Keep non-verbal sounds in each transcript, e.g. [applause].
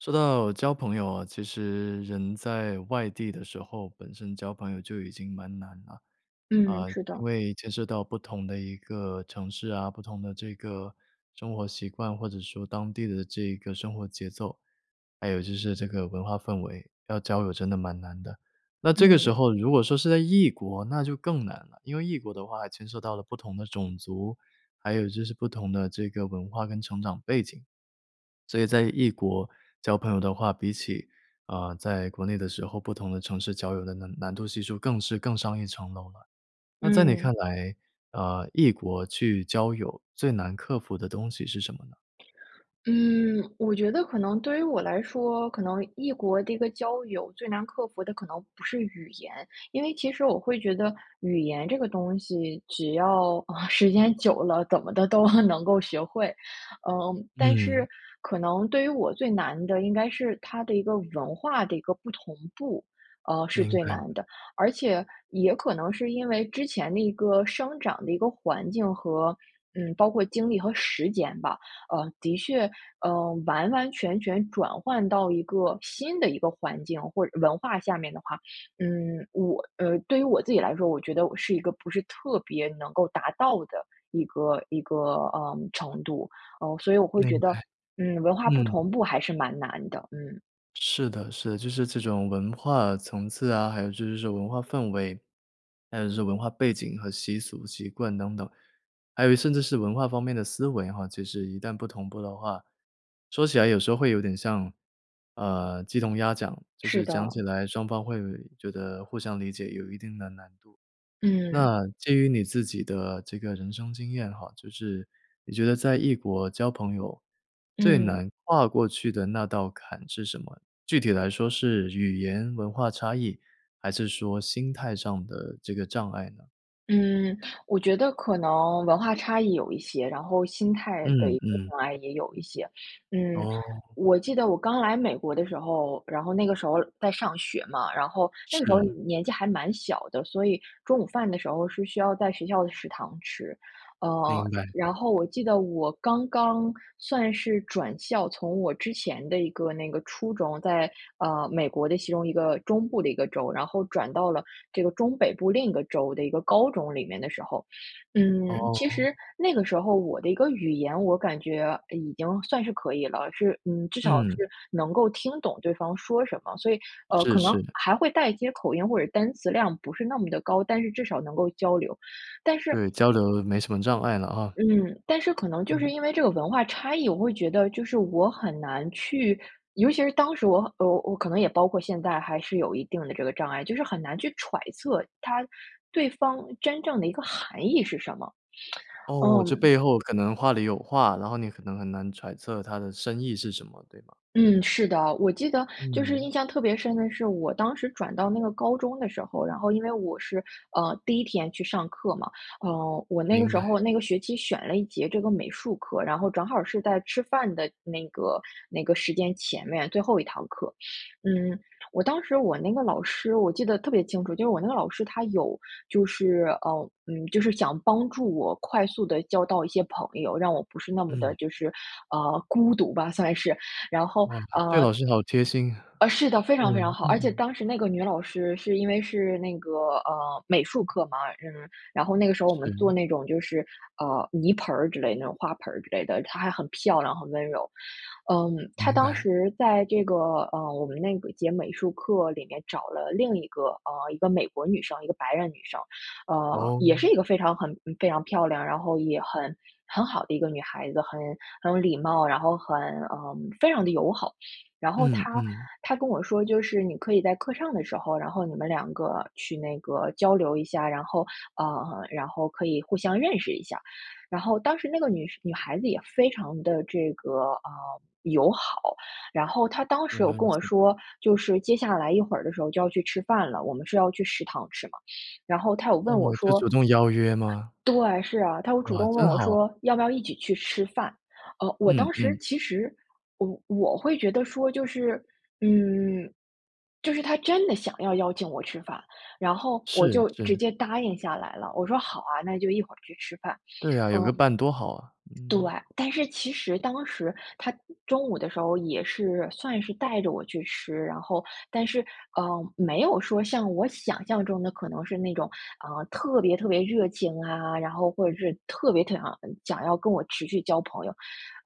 说到交朋友啊，其实人在外地的时候，本身交朋友就已经蛮难了，嗯，啊，是因的。为牵涉到不同的一个城市啊，不同的这个生活习惯，或者说当地的这个生活节奏，还有就是这个文化氛围，要交友真的蛮难的。那这个时嗯。候如果说是在异国那就更难了，因为异国的话还牵涉到了不同的种族，还有就是不同的这个文化跟成长背景。所以在异国交朋友的话，比起，啊，在国内的时候，不同的城市交友的难难度系数更是更上一层楼了。那在你看嗯。来啊，异国去交友最难克服的东西是什么呢？嗯，我觉得可能对于我来说，可能异国的一个交友就能克服的可能不是语言，因为其实我会觉得语言这个东西，只要时间久了，怎么的都能够学会。嗯，但嗯。是可能对于我最难的应该是它的一个文化的一个不同步，啊，是明最白。难的。而且也可能是因为之前的一个生长的一个环境和嗯，包括精力和时间吧，呃，的确，呃，完完全全转换到一个新的一个环境或者文化下面的话，嗯，我呃，对于我自己来说，我觉得我是一个不是特别能够达到的一个一个，呃，程度。嗯，所以我会觉明得，白。嗯，文化不嗯。同步还是蛮难的，嗯。是的是的，就是这种文化层次啊，还有就是这种文化氛围，还有就是文化背景和习俗、习惯等等，还有甚至是文化方面的思维啊，其实是一旦不同步的话，说起来有时候会有点像，呃，鸡同鸭讲，就是是讲的。起来双方会觉得互相理解有一定的难度。嗯。那基于你自己的这个人生经验哈，就是你觉得在异国交朋友，最嗯。难跨过去的那道坎是什么？具体来说是语言文化差异？还是说心态上的这个障碍呢？嗯，我觉得可能文化差异有一些，然后心态的嗯一个嗯。障碍也有一些。嗯，哦。我记得我刚来美国的时候，然后那个时候在上学嘛，然后那个时候，呃，是。年纪还蛮小的，所以中午饭的时候是需要在学校的食堂吃。呃，明白。然后我记得我刚刚算是转校，从我之前的一个那个初中在，呃，美国的其中一个中部的一个州，然后转到了这个中北部另一个州的一个高中里面的时候。嗯，其哦。实那个时候我的一个语言，我感觉已经算是可以了，是嗯，至少嗯。是能够听懂对方说什么，所以，呃，是可能是。还会带一些口音或者单词量不是那么的高，但是至少能够交流，但是对，交流了没什么障碍了啊。嗯，但是可能就是嗯。因为这个文化差异，我会觉得就是我很难去尤其是当时我呃，我可能也包括现在还是有一定的这个障碍，就是很难去揣测他对方真正的一个含义是什么，[tsk] 哦，这嗯。背后可能话里有话，然后你可能很难揣测他的深意是什么，对吗？嗯，是的，我记得就是印嗯。象特别深的是，我当时转到那个高中的时候，然后因为我是，呃，第1天去上课嘛，呃，我那个明时白。候那个学期选了1节这个美术课，然后正好是在吃饭的那个那个时间前面，最后1堂课。嗯，我当时我那个老师我记得特别清楚，就是我那个老师她有就是，呃嗯，就是想帮助我快速地交到一些朋友，让我不是那么的嗯。就是，呃，孤独吧，算是，然后，哇，这呃老师好贴心，啊，是的，非对，常非常好，而且嗯。当时那个女老师是因为是那个，呃，美术课嘛，呃，然后那个时候我们做是。那种就是，呃，泥盆儿之类，那种花盆儿之类的，她还很漂亮很温柔。嗯，她明当白。时在这个，呃，我们那个节美术课里面找了另1个啊，1个美国女生，1个白人女生。呃，也是哦。1个非常很非常漂亮，然后也很很好的1个女孩子，很很有礼貌，然后很呃，非常地友好。然后嗯她嗯。她跟我说，就是你可以在课上的时候，然后你们2个去那个交流一下，然后啊，然后可以互相认识一下。然后当时那个女生女孩子也非常地这个，啊，友好，然后她当时明有白你跟意我思。说，就是接下来一会儿的时候就要去吃饭了，我们是要去食堂吃嘛，然后她有问我哦，就说主动邀约吗？对，是啊，她会主哇，动问真我好。说要不要一起去吃饭，呃，我嗯当时嗯。其实我我会觉得说就是嗯，就是她真的想要邀请我吃饭，然后我是就直是。接答应下来了，我说好啊，那就一会儿去吃饭，对啊，有个嗯。伴多好啊。对，但是其实当时她中午的时候也是算是带着我去吃，然后，但是，呃，没有说像我想象中的可能是那种，呃，特别特别热情啊，然后，或者是特别想要想要跟我持续交朋友。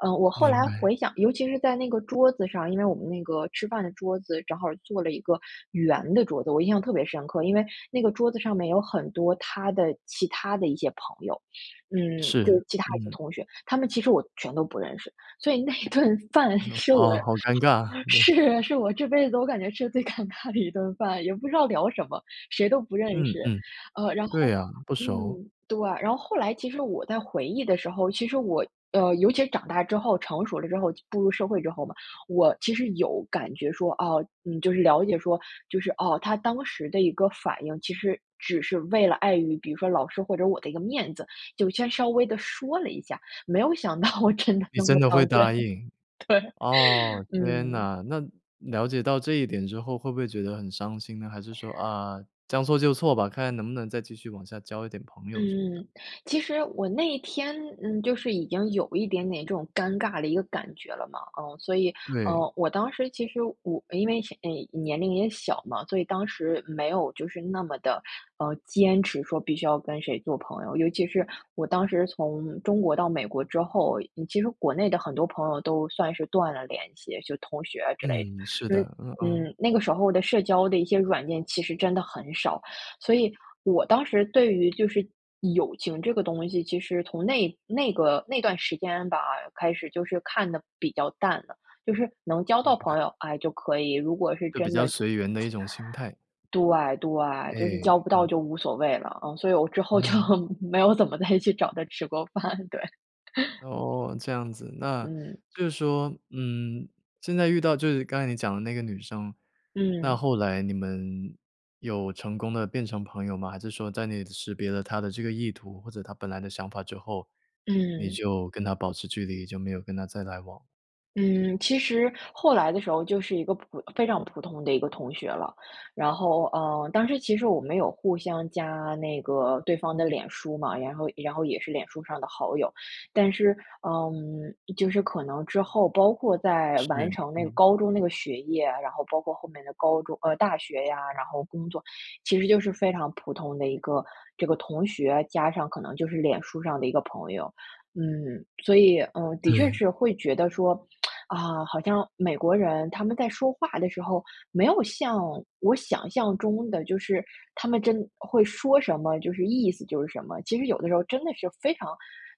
呃，我后明来白。回想尤其是在那个桌子上，因为我们那个吃饭的桌子，正好坐了1个圆的桌子，我印象特别深刻，因为那个桌子上面有很多她的其他的一些朋友，嗯，是，就其他一些嗯。同学，她们其实我全都不认识。所以那一顿饭哦，是我好好尴尬，对。是是我这辈子我感觉吃得最尴尬的一顿饭，也不知道聊什么，谁都认嗯识。嗯，呃，然对后啊，不熟。嗯，对，然后后来其实我在回忆的时候，其实我呃，尤其是长大之后成熟了之后、步入社会之后嘛，我其实有感觉说哦，就是了解说就是，哦，她当时的一个反应，其实只是为了碍于，比如说老师或者我的一个面子，就先稍微地说了一下，没有想到真的你那真么的会当真，答对，应。哦，天嗯。哪，那了解到这一点之后会不会觉得很伤心呢？还是说，啊，将错就错吧，看看能不能再继续往下交一点朋友什么的？嗯，其实我那天，嗯，就是已经有一点点这种尴尬的一个感觉了嘛，啊，所以，对。呃，我当时其实我因为，先呃，年龄也小嘛，所以当时没有就是那么地，呃，坚持说必须要跟谁做朋友，尤其是我当时从中国到美国之后，其实国内的很多朋友都算是断了联系，就同学之类的。嗯，是所以，的。嗯嗯。嗯，那个时候的社交的一些软件其实真的很少，所以我当时对于就是友情这个东西，其实从那那个那段时间吧，开始就是看得比较淡了，就是能交明到白。朋友，哎，就可以，如果是就比真较的随缘的 [tsk] 一种心态。对对，哎，就是交不到嗯。就无所谓了，呃，所以我之后就嗯。没有怎么再去找她吃过饭，对。[laughs] 哦，这样子，那嗯。就是说，嗯，现在遇到就是刚才你讲的那个女生，那嗯。后来你们有成功地变成朋友吗？还是说在你识别了她的这个意图，或者她本来的想法之后，你嗯。就跟她保持距离，就没有跟她再来往？嗯，其实后来的时候就是一个普非常普通的一个同学了，然后，呃，但是其实我们有互相加那个对方的脸书嘛，然后然后也是脸书上的好友。但是，嗯，就是可能之后，包括在是，完成那个嗯。高中那个学业，然后包括后面的高中呃，大学呀，然后工作，其实就是非常普通的一个这个同学，加上可能就是脸书上的一个朋友。嗯，所以，嗯，的确对。是会觉得说，[tsk] 啊，好像美国人他们在说话的时候，没有像我想象中的，就是他们真会说什么，就是意思就是什么，其实有的时候真的是非常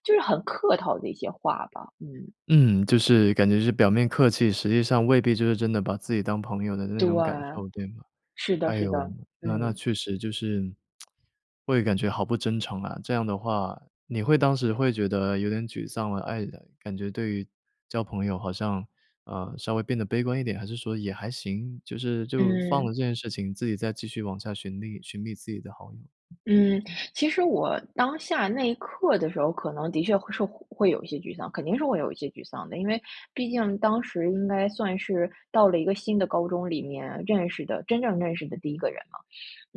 就是很客套的一些话吧。嗯。嗯，就是感觉是表面客气，实际上未必就是真的把自己当朋友的那对种感啊，受，对吗？是的哎是呦，的，那那嗯。确实就是，[tsk] 会感觉好不真诚啊。这样的话你会当时会觉得有点沮丧了，唉，[unintelligible] 感觉对于交朋友好像，呃，稍微变得悲观一点，还是说也还行，就是就放嗯。了这件事情，自己再继续往下寻觅寻觅自己的好友。嗯，其实我当下那一刻的时候，可能的确会受会有一些沮丧。肯定是会有一些沮丧的，因为毕竟当时应该算是到了一个新的高中里面认识的真正认识的第1个人嘛。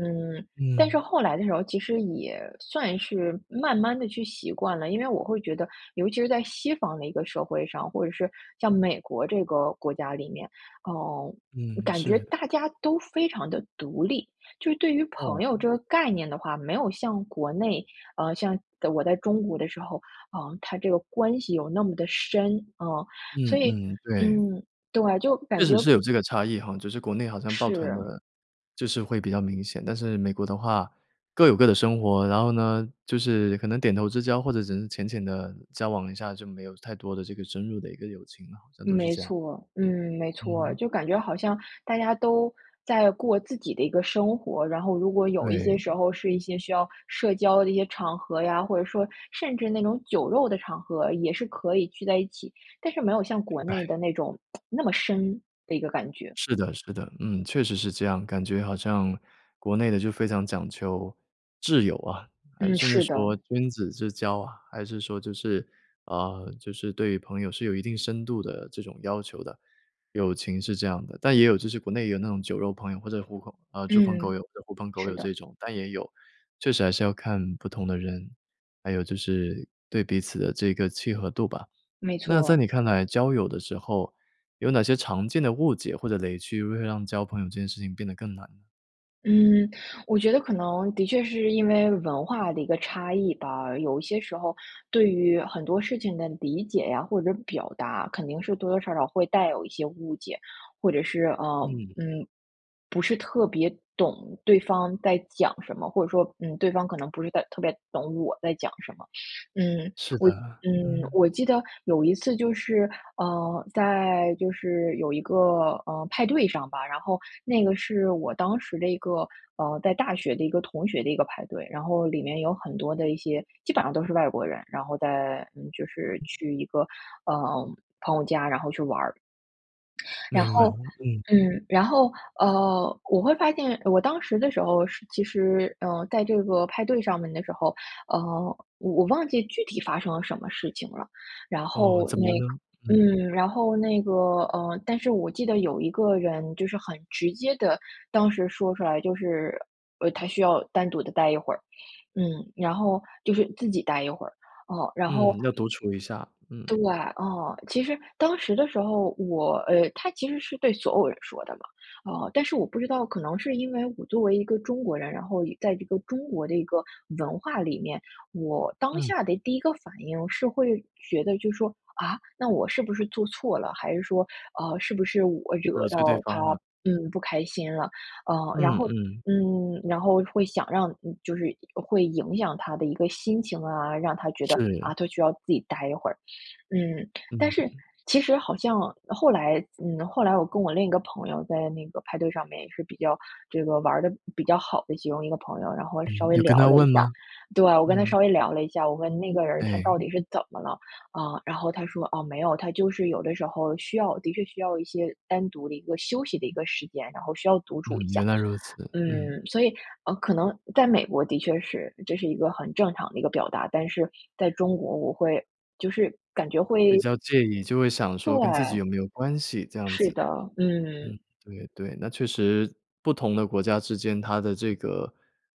嗯，但是嗯。后来的时候，其实也算是慢慢地去习惯了，因为我会觉得，尤其是在西方的一个社会上，或者是像美国这个国家里面，呃，嗯，感觉是。大家都非常地独立。就是对于朋友这哦。个概念的话，没有像国内，呃，像我在中国的时候啊，呃，他这个关系有那么的深。嗯，嗯所以，嗯，对。嗯，对，就确感实觉是有这个差异哈，就是国内好像报团的，是。就是会比较明显。但是美国的话各有各的生活。然后呢，就是可能点头之交或者只是浅浅地交往一下，就没有太多的这个深入的一个友情了，好像都是没这样。错儿，嗯，没错儿。嗯。就感觉好像大家都在过自己的一个生活，然后如果有一些时对。候是一些需要社交的一些场合呀，或者说，甚至那种酒肉的场合也是可以聚在一起，但是没有像国内哎。的，[tsk] 那种那么深的一个感觉。是的是的，嗯，确实是这样，感觉好像国内的就非常讲究挚友啊。还嗯，甚至是的。说君子之交啊，还是说就是呃，就是对朋友是有一定深度的这种要求的，友情是这样的。但也有就是国内也有那种酒肉朋友，或者狐朋呃，猪朋狗嗯，友、狐朋狗是友的。这种，但也有。确实还是要看不同的人，还有就是对彼此的这个契合度吧。没错那在儿。你看来交友的时候，有哪些常见的误解或者雷区会让交朋友这件事情变得更难？嗯，我觉得可能的确是因为文化的一个差异吧，有一些时候对于很多事情的理解呀，或者表达，肯定是多多少少会带有一些误解，或者是，呃，嗯。嗯，不是特别懂对方在讲什么。或者说，嗯，对方可能不是在特别懂我在讲什么。嗯，是的，我嗯，嗯。我记得有一次就是，呃，在就是有一个，呃，派对上吧，然后那个是我当时的一个，呃，在大学的一个同学的一个派对，然后里面有很多的一些基本上都是外国人，然后在嗯，就是去一个，呃，朋友家，然后去玩儿。然明白，后嗯。嗯，然后，呃，我会发现我当时的时候是其实，呃，在这个派对上面的时候，呃，我我忘记具体发生了什么事情了。然哦，后怎么那样呢？嗯。嗯，然后那个呃，但是我记得有一个人，就是很直接地当时说出来就是呃，他需要单独地待一会儿，嗯，然后就是自己待一会儿，哦，然后嗯，要独处一下，对，嗯。啊，其实当时的时候，我呃，他其实是对所有人说的嘛，啊，但是我不知道，可能是因为我作为一个中国人，然后在一个中国的一个文化里面，我当嗯。下的第一个反应是会觉得就是说：“啊？那我是不是做错了？还是说，啊，是不是我呃，惹所以对到他，方呢？嗯，不开心了。”啊，然嗯后嗯。嗯，然后会想让嗯，就是会影响他的一个心情啊，让他觉得，啊，是。他需要自己待一会儿，嗯。但嗯。是其实好像后来嗯，后来我跟我另一个朋友在那个派对上面，也是比较这个玩儿得比较好的其中一个朋友，然后稍嗯，微有跟聊他了一问下。吗？对啊，我跟他嗯。稍微聊了一下，我问：“那个人儿他哎。到底是怎么了？”啊，然后他说：“啊，没有，他就是有的时候，需要的确需要一些单独的一个休息的一个时间，然后需要独处一嗯，下。”原来如此，嗯。嗯，所以，呃，可能在美国的确是这是一个很正常的一个表达，但是在中国，我会就是感觉比会较介意，就会想说跟自己对。有没有关系这样是子，的，嗯，嗯。对对。那确实不同的国家之间，它的这个，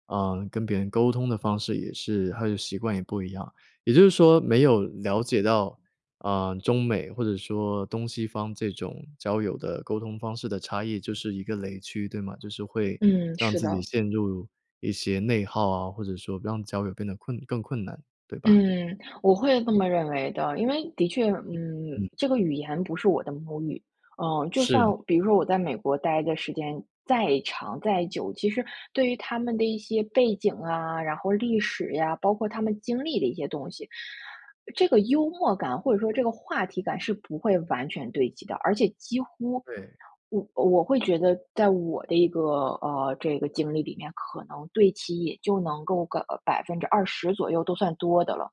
呃，跟别人沟通的方式也是，它的习惯也不一样。也就是说没有了解到，啊，中美或者说东西方这种交友的沟通方式的差异，就是一个雷区，对吗？就是会嗯，让是自己的。陷入一些内耗啊，或者说让交友变得困更困难，对吧？嗯，我会这么认为的，因为的确，嗯嗯，嗯。这个语言不是我的母语，呃，就算是。比如说我在美国待的时间再长、再久，其实对于他们的一些背景啊，然后历史呀，包括他们经历的一些东西，这个幽默感或者说这个话题感，是不会完全对齐的。而且几乎，对。我我会觉得在我的一个，呃，这个经历里面，可能对齐也就能够个20%左右，都算多的了，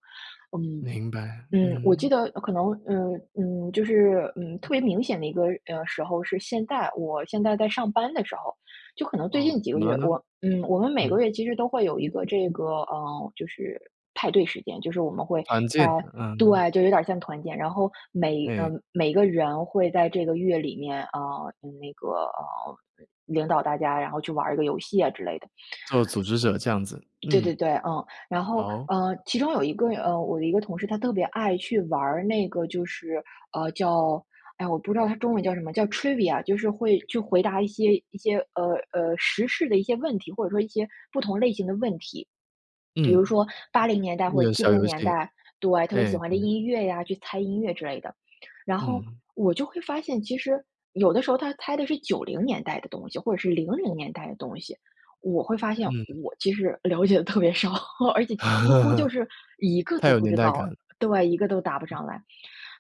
嗯。明白，嗯，我嗯。记得可能嗯。嗯，就是，嗯，特别明显的一个，呃，时候是现在。我现在在上班的时候，就可能最哦，近几怎个么了月，呢？我嗯，我们每个嗯。月其实都会有一个这个呃，就是派对时间，就是我们会环在境，嗯。对，就有点儿像团建，然后每呃，哎。每个人会在这个月里面，啊，那个呃，领导大家，然后去玩儿一个游戏啊之类的。就组织者这样子，对对嗯。对，嗯，然后，好。呃，其中有一个呃，我的一个同事，他特别爱去玩儿那个就是呃，叫哎，我不知道它中文叫什么，叫 Trivia，就是会去回答一些一些，呃，呃，时事的一些问题，或者说一些不同类型的问题。比如嗯。说80年代一或者个七小零游年戏，代对，特别喜哎，欢的嗯。音乐呀，去猜音乐之类的。然后嗯。我就会发现，其实有的时候，他猜的是90年代的东西，或者是00年代的东西，我会发现嗯。我其实了解得特别少，而且几乎就是一 [laughs] 个太都有不年知代道。感。对，一个都答不上来。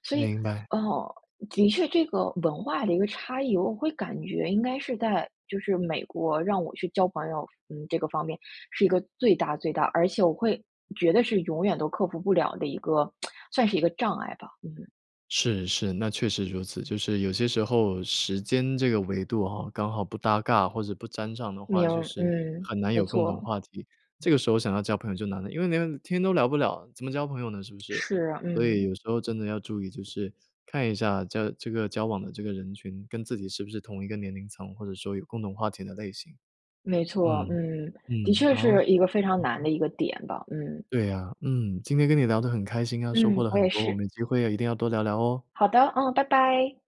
所以，明白。哦，的确这个文化的一个差异，我会感觉应该是在就是美国让我去交朋友，嗯，这个方面是一个最大最大，而且我会觉得是永远都克服不了的一个 [tsk] 算是一个障碍吧，嗯。是是，那确实如此，就是有些时候，时间这个维度啊，刚好不搭嘎或者不沾上的话，明就是嗯，很难没有共同错。话题，这个时候想要交朋友就难了。因为连天都聊不了，怎么交朋友呢，是不是？是，所以嗯。有时候真的要注意，就是看一下在这个交往的这个人群，跟自己是不是同一个年龄层，或者说有共同话题的类型。没错，嗯，嗯，的嗯，确好。是一个非常难的 [unintelligible] 一个点吧，嗯。对呀，嗯，今天跟你聊得很开心啊，收获嗯，了我很也多，我是。们有机会一定要多聊聊哦。好的，嗯，拜拜。